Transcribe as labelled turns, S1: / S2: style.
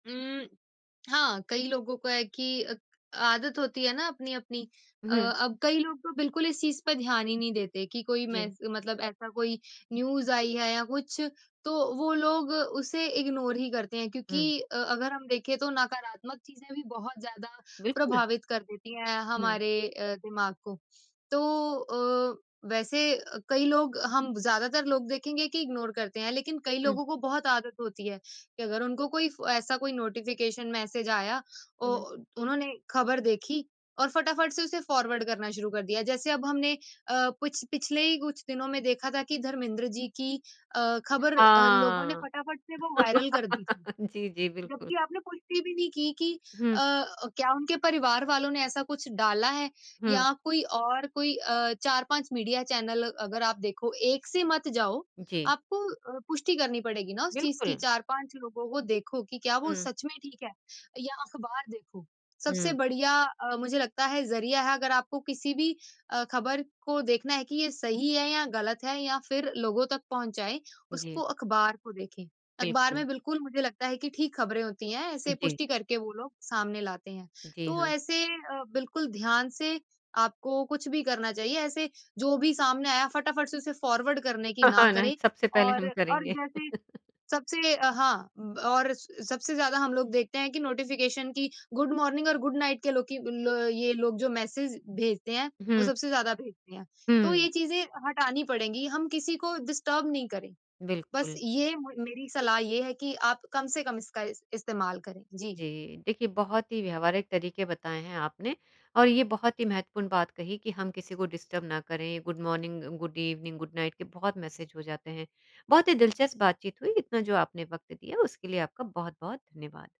S1: उम, हाँ, कई लोगों का है कि अ, आदत होती है ना अपनी-अपनी। अ,
S2: हुँ।
S1: अब कई लोग तो बिल्कुल इस चीज़ पे ध्यान ही नहीं देते कि कोई
S2: जी।
S1: मैस मतलब ऐसा कोई न्यूज़ आई है या कुछ तो वो लोग उसे इग्नोर ही करते हैं क्योंकि
S2: हुँ।
S1: अ, अगर हम देखें तो नकारात्मक चीज़ें भी बहुत ज़्यादा
S2: बिल्कुल।
S1: प्रभावित कर देती हैं
S2: हुँ।
S1: हमारे अ, दिमाग को। तो अ, वैसे अ, कई लोग हम ज़्यादातर लोग देखेंगे कि इग्नोर करते हैं। लेकिन कई
S2: हुँ।
S1: लोगों को बहुत आदत होती है कि अगर उनको कोई फ ऐसा कोई नोटिफ़िकेशन मैसेज़ आया औ
S2: हुँ।
S1: उन्होंने खबर देखी और फटाफट से उसे फॉरवर्ड करना शुरू कर दिया। जैसे अब हमने अ, पिछ पिछले ही कुछ दिनों में देखा था कि धर्मेंद्र जी की अ, खबर लोगों ने
S2: हाँ।
S1: फटाफट से वो वायरल कर दी थी।
S2: जी, जी। बिल्कुल।
S1: जबकि आपने पुष्टि भी नहीं की कि अ,
S2: हुँ।
S1: क्या उनके परिवार वालों ने ऐसा कुछ डाला है?
S2: हुँ।
S1: या कोई और कोई अ, 4-5 मीडिया चैनल अगर आप देखो, 1 से मत जाओ।
S2: जी।
S1: आपको अ, पुष्टि करनी पड़ेगी ना उस चीज़ की,
S2: बिल्कुल।
S1: 4-5 लोगों को देखो कि क्या वो
S2: हुँ।
S1: सच में ठीक है? या अखबार देखो। सबसे
S2: हुँ।
S1: बढ़िया अ, मुझे लगता है ज़रिया है अगर आपको किसी भी अ, खबर को देखना है कि ये सही है या गलत है या फिर लोगों तक पहुँचाए,
S2: जी।
S1: उसको अखबार को देखें। अखबार
S2: बिल्कुल।
S1: में बिल्कुल मुझे लगता है कि ठीक खबरें होती हैं,
S2: उ,
S1: ऐसे
S2: जी।
S1: पुष्टि करके वो लोग सामने लाते हैं।
S2: जी
S1: तो
S2: हाँ।
S1: ऐसे अ, बिल्कुल ध्यान से आपको कुछ भी करना चाहिए। ऐसे जो भी सामने आया फटाफट से उसे फॉरवर्ड करने की
S2: हाँ,
S1: ना
S2: हाँ। ना,
S1: करें
S2: सबसे पहले
S1: और
S2: हम
S1: और
S2: करेंगे।
S1: जैसे सबसे अ, हाँ ब और स सबसे ज़्यादा हम लोग देखते हैं कि नोटिफ़िकेशन कि, गुड मॉर्निंग और गुड नाइट के लो की ल ये लोग जो मैसेज़ भेजते हैं, वो
S2: हुँ।
S1: सबसे ज़्यादा भेजते हैं। तो
S2: हुँ।
S1: ये चीज़ें हटानी पड़ेंगी। हम किसी को डिस्टर्ब नहीं करें। बस
S2: बिल्कुल।
S1: ये मे मेरी सलाह ये है कि आप कम से कम इसका इस इस्तेमाल करें। जी।
S2: जी। देखिए, बहुत ही व्यावहारिक तरीके बताएँ हैं आपने और ये बहुत ही महत्वपूर्ण बात कही कि हम किसी को डिस्टर्ब ना करें। Good morning, good evening, good night के बहुत मैसेज़ हो जाते हैं। बहुत ही दिलचस्प बातचीत हुई। इतना जो आपने वक़्त दिया, उसके लिए आपका बहुत-बहुत धन्यवाद।